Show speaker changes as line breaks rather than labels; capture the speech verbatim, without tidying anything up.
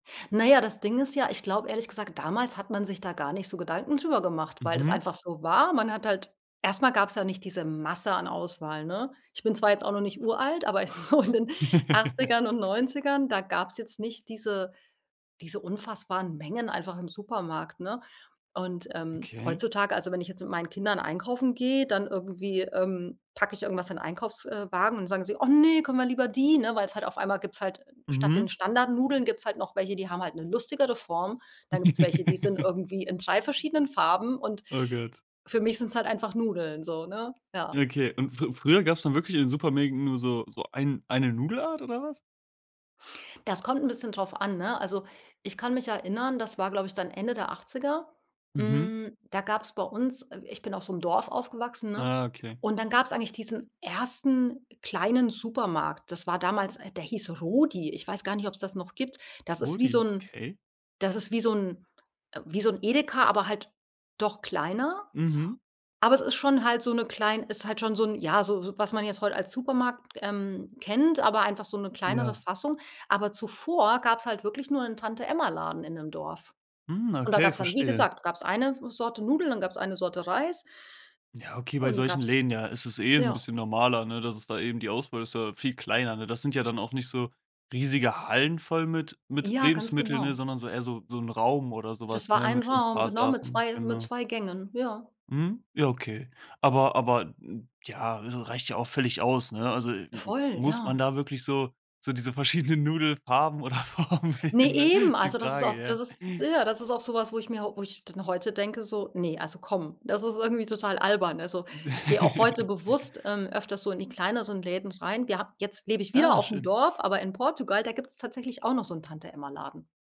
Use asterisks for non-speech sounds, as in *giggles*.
Na ja, das Ding ist ja, ich glaube ehrlich gesagt, damals hat man sich da gar nicht so Gedanken drüber gemacht, weil das
Mhm.
einfach so war. Man hat halt erst mal gab's ja nicht diese Masse an Auswahl, ne? Ich bin zwar jetzt auch noch nicht uralt, aber so in den Achtzigern und
*giggles*
Neunzigern, da gab's jetzt nicht diese diese unfassbaren Mengen einfach im Supermarkt, ne? Und, ähm,
Okay.
heutzutage also, wenn ich jetzt mit meinen Kindern einkaufen gehe, dann irgendwie, ähm, packe ich irgendwas in Einkaufs äh, Wagen und sagen sie: „Oh ne, können wir lieber die? Ne? Weil es halt auf einmal gibt's halt statt den
Mhm.
Standardnudeln gibt's halt noch welche, die haben halt 'ne lustigere Form. Da gibt's welche, die sind
*giggles*
irgendwie in drei verschiedenen Farben und
Oh Gott.
für mich sind's halt einfach Nudeln so, ne, ja.
Ja, okay und f früher gab's dann wirklich in den Supermärkten nur so so ein eine Nudelart oder was?
Das kommt bisschen drauf an, ne? Also, ich kann mich erinnern, das war, glaube ich, dann Ende der Achtziger,
Mhm.
hm, da gab's bei uns äh, ich bin auf so 'nem Dorf aufgewachsen ne,
Ah, okay.
und dann gab's eigentlich diesen ersten kleinen Supermarkt. Das war damals der hieß „Rudi.“ Ich weiß gar nicht, ob's das noch gibt. Das ist wie so
„Rudi“,
'n
okay.
das ist wie so 'n wie so 'n Edeka, aber halt doch kleiner.
Mhm.
Aber es ist schon halt so 'ne klein ist halt schon so 'ne ja, so so was man jetzt heute als Supermarkt, ähm, kennt, aber einfach so 'ne kleinere
Ja.
Fassung. Aber zuvor gab's halt wirklich nur 'n Tante-Emma-Laden in dem Dorf.
Mhm,
Und da
okay,
gab's dann wie
verstehe.
gesagt, gab's eine Sorte Nudeln, dann gab's eine Sorte Reis
Ja, okay, bei
und
solchen
gab's
Läden, ja, ist es eh 'n
ja.
bisschen normaler, ne, dass es da eben die Auswahl ist ja viel kleiner, ne? Das sind ja dann auch nicht so riesige Hallen voll mit mit
Ja, ganz
Lebensmitteln, ne,
genau.
sondern so eher so so 'n Raum oder so
Das
was,
war
ne,
ein
mit so 'n
Raum,
paar
genau mit
Sachen,
zwei mit
genau.
zwei Gängen, ja.
Mhm. Ja, okay. Aber aber ja, r reicht ja auch völlig aus, ne? Also,
Voll,
muss man
ja.
da wirklich so so diese verschiedenen Nudelfarben oder Formen
Ne,
*unintelligible* ne?
eben.
Ist die
Also das ist
Frage,
auch das
ja.
ist ja, das ist auch so was, wo ich mir wo ich dann heute denke so: „Ne, also komm, das ist irgendwie total albern.“ Also, ich gehe auch heute
*giggles*
bewusst, ähm, öfters so in die kleineren Läden rein. Wir hab jetzt lebe ich wieder
Ah,
aufm
schön.
Dorf, aber in Portugal, da gibt's tatsächlich auch noch so 'n Tante-Emma-Laden.